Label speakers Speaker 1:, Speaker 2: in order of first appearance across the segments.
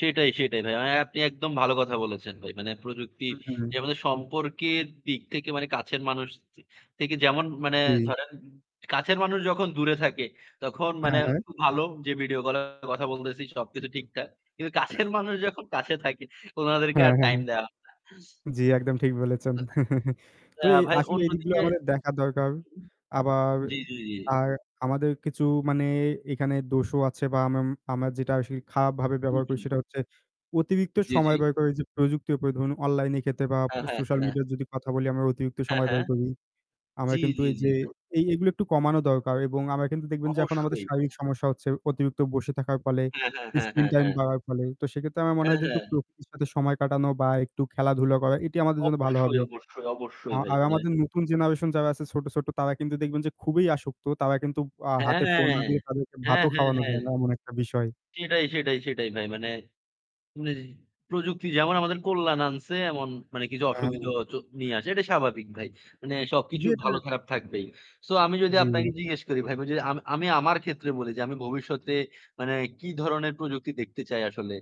Speaker 1: সেটাই, সেটাই, ভাই। আ আপনি একদম ভালো কথা বলেছেন ভাই। মানে,
Speaker 2: হু,
Speaker 1: প্রযুক্তির যে
Speaker 2: হু।
Speaker 1: আমাদের সম্পর্কের দিক থেকে, মানে কাছের মানুষ থ থেকে যেমন মানে
Speaker 2: হুম।
Speaker 1: ধরেন, কাছের মানুষ যখন দূরে থাকে, তখন মানে
Speaker 2: হ্যাঁ, হ্যাঁ।
Speaker 1: খুব ভালো যে ভিডিও কলে কথা বলতেছি, সবকিছু ঠিকঠাক। কিন্তু কাছের মানুষ যখন কাছে থাকে, ওনাদেরকে
Speaker 2: হ্যাঁ,
Speaker 1: আর
Speaker 2: হ্যাঁ।
Speaker 1: টাইম দেওয়া হয় না।
Speaker 2: জী, একদম ঠিক বলেছেন। তো
Speaker 1: তা
Speaker 2: এ
Speaker 1: ভাই,
Speaker 2: আসলে এদিকগুলো
Speaker 1: অন্যদিকে
Speaker 2: আমাদের দেখা দরকার। আবার,
Speaker 1: জী, জী ,জী।
Speaker 2: আর আমাদের কিছু মানে এখানে দোষও আছে বা আমাম আমরা যেটা আসলে খারাপভাবে
Speaker 1: হু,
Speaker 2: ব্যবহার করি
Speaker 1: হু।
Speaker 2: সেটা হচ্ছে অতিরিক্ত
Speaker 1: জী,
Speaker 2: সময়
Speaker 1: জী।
Speaker 2: ব্যয় করে যে প্রযুক্তি, এরপরে ধরুন অনলাইনের ক্ষেত্রে বা
Speaker 1: হ্যাঁ, হ্যাঁ,
Speaker 2: সোশ্যাল
Speaker 1: হ্যাঁ।
Speaker 2: মিডিয়ার যদি কথা বলি, আমরা অতিরিক্ত
Speaker 1: হ্যাঁ,
Speaker 2: সময়
Speaker 1: হ্যাঁ।
Speaker 2: ব্যয় করি। আমার
Speaker 1: জী,
Speaker 2: কিন্তু
Speaker 1: জী,
Speaker 2: এই
Speaker 1: জী,
Speaker 2: যে,
Speaker 1: ভাই।
Speaker 2: এই এগুলো একটু কমানো দরকার এবং আমরা কিন্তু দেখবেন যে এখন আমাদের
Speaker 1: অবশ্যই।
Speaker 2: শারীরিক সমস্যা হচ্ছে অতিরিক্ত বসে থাকার ফলে,
Speaker 1: হ্যাঁ, হ্যাঁ, হ্যাঁ,
Speaker 2: স্ক্রিন
Speaker 1: হ্যাঁ,
Speaker 2: টাইম
Speaker 1: হ্যাঁ।
Speaker 2: বাড়ার ফলে। তো সেক্ষেত্রে আমার মনে
Speaker 1: হ্যাঁ,
Speaker 2: হয় যে একটু
Speaker 1: হ্যাঁ।
Speaker 2: প্রকৃতির সাথে সময় কাটানো বা একটু খেলাধুলা করা, এটি আমাদের জন্য ভালো
Speaker 1: অবশ্যই,
Speaker 2: হবে।
Speaker 1: অবশ্যই,
Speaker 2: আ
Speaker 1: অবশ্যই ভাই,
Speaker 2: আর
Speaker 1: মানে।
Speaker 2: আমাদের নতুন জেনারেশন যারা আছে ছোট ছোট, তারা কিন্তু দেখবেন যে খুবই আসক্ত। তারা কিন্তু আ
Speaker 1: হ্যাঁ
Speaker 2: হাতে
Speaker 1: হ্যাঁ,
Speaker 2: ফোন না দিয়ে তাদেরকে
Speaker 1: হ্যাঁ
Speaker 2: ভাতও
Speaker 1: হ্যাঁ
Speaker 2: খাওয়ানো
Speaker 1: হ্যাঁ।
Speaker 2: যায় না এমন একটা বিষয়।
Speaker 1: সেটাই, সেটাই, সেটাই ভাই, মানে। [unintelligible] প্রযুক্তি যেমন আমাদের কল্যাণ আনসে, এমন মানে কিছু
Speaker 2: হ্যাঁ।
Speaker 1: অসুবিধাও হয়তো নিয়ে আসে। এটাই স্বাভাবিক ভাই। মানে
Speaker 2: জী
Speaker 1: সবকিছুর
Speaker 2: এটা
Speaker 1: ভালো খারাপ থাকবেই। সো আমি যদি আপনাকে
Speaker 2: জী।
Speaker 1: জিজ্ঞেস করি, ভাই বুঝে আম আমি আমার ক্ষেত্রে বলি যে আমি ভবিষ্যতে, মানে কী ধরনের প্রযুক্তি দেখতে চাই আসলে।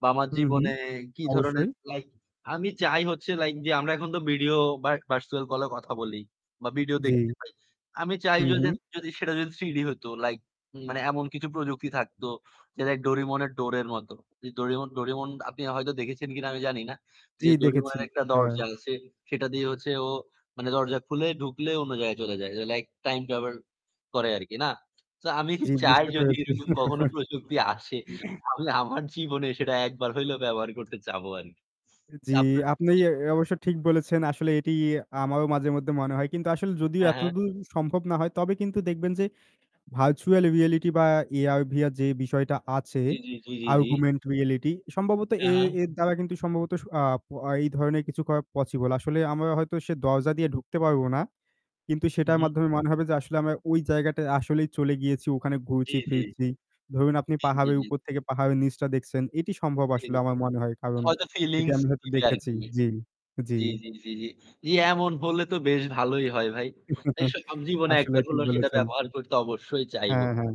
Speaker 1: বা আমার
Speaker 2: হুম, হুম,
Speaker 1: জীবনে কী ধরনের,
Speaker 2: অবশ্যই।
Speaker 1: লাইক আমি চাই হচ্ছে, লাইক যে আমরা এখন তো ভিডিও বা ভার্চুয়াল কলেও কথা বলি, বা ভিডিও দেখতে
Speaker 2: জী।
Speaker 1: পাই। আমি চাই
Speaker 2: হুম,
Speaker 1: যদি
Speaker 2: হুম।
Speaker 1: যদি, সেটা যদি থ্রিডি হইত, লাইক মানে এমন কিছু প্রযুক্তি থাকতো, যেটা ওই ডোরেমনের ডোরের মতো। যে ডোরেমন ডোরেমন, আপনি হয়তো দেখেছেন কিনা আমি জানি না।
Speaker 2: জী
Speaker 1: যে
Speaker 2: দেখেছি,
Speaker 1: ডোরেমনের একটা
Speaker 2: হ্যাঁ।
Speaker 1: দরজা আছে। সেটা দিয়ে হচ্ছে ও, মানে দরজা খুলে ঢুকলে অন্য জায়গায় চলে যায়। যে লাইক, টাইম ট্র্যাভেল করে আরকি না? সো আমি
Speaker 2: জী,
Speaker 1: চাই
Speaker 2: বুঝতে
Speaker 1: যদি
Speaker 2: পেরেছি।
Speaker 1: সেরকম কখনো প্রযুক্তি আসে,
Speaker 2: [unintelligible]
Speaker 1: তাহলে আমার জীবনে সেটা একবার হইলেও ব্যবহার করতে চাবো আরকি।
Speaker 2: জী,
Speaker 1: তারপর
Speaker 2: আপনি এ
Speaker 1: [unintelligible]
Speaker 2: অবশ্য ঠিক বলেছেন, আসলে এটি আমারও মাঝে মধ্যে মনে হয়। কিন্তু আসলে যদিও
Speaker 1: হ্যাঁ, হ্যাঁ।
Speaker 2: এতদূর সম্ভব না হয়, তবে কিন্তু দেখবেন যে ভার্চুয়াল রিয়েলিটি বা AR/VR যে বিষয়টা আছে,
Speaker 1: জী, জী, জী, জী, জী।
Speaker 2: অগমেন্টেড রিয়েলিটি, সম্ভবত
Speaker 1: হ্যাঁ,
Speaker 2: এ
Speaker 1: হ্যাঁ।
Speaker 2: এর দ্বারা কিন্তু সম্ভবত আ প এই ধরনের কিছু করা পসিবল। আসলে আমরা হয়তো সে দরজা দিয়ে ঢুকতে পারব না। কিন্তু সেটার
Speaker 1: মহুম।
Speaker 2: মাধ্যমে মনে হবে যে আসলে আমরা ওই জায়গাটায় আসলেই চলে গিয়েছি, ওখানে
Speaker 1: জী,
Speaker 2: ঘুরছি
Speaker 1: জী।
Speaker 2: ফিরছি। ধরুন আপনি
Speaker 1: জী, জী,
Speaker 2: পাহাড়ের
Speaker 1: জী।
Speaker 2: উপর থেকে পাহাড়ের নিচটা দেখছেন, এটি সম্ভব
Speaker 1: জী,
Speaker 2: আসলে
Speaker 1: জী।
Speaker 2: আমার মনে হয়। কারণ
Speaker 1: হয়তো
Speaker 2: এটি
Speaker 1: ফিলিংস
Speaker 2: আমি হয়তো
Speaker 1: দিবে
Speaker 2: দেখেছি।
Speaker 1: আরকি।
Speaker 2: জী, জী।
Speaker 1: জী, জী, জী, জী। জী, এমন হলে তো বেশ ভালোই হয়, ভাই। এই সব [unintelligible] জীবনে একবার
Speaker 2: আসলেই ঠিক
Speaker 1: হলেও, সেটা
Speaker 2: বলেছেন।
Speaker 1: ব্যবহার করতে অবশ্যই চাইবো।
Speaker 2: হ্যাঁ, হ্যাঁ।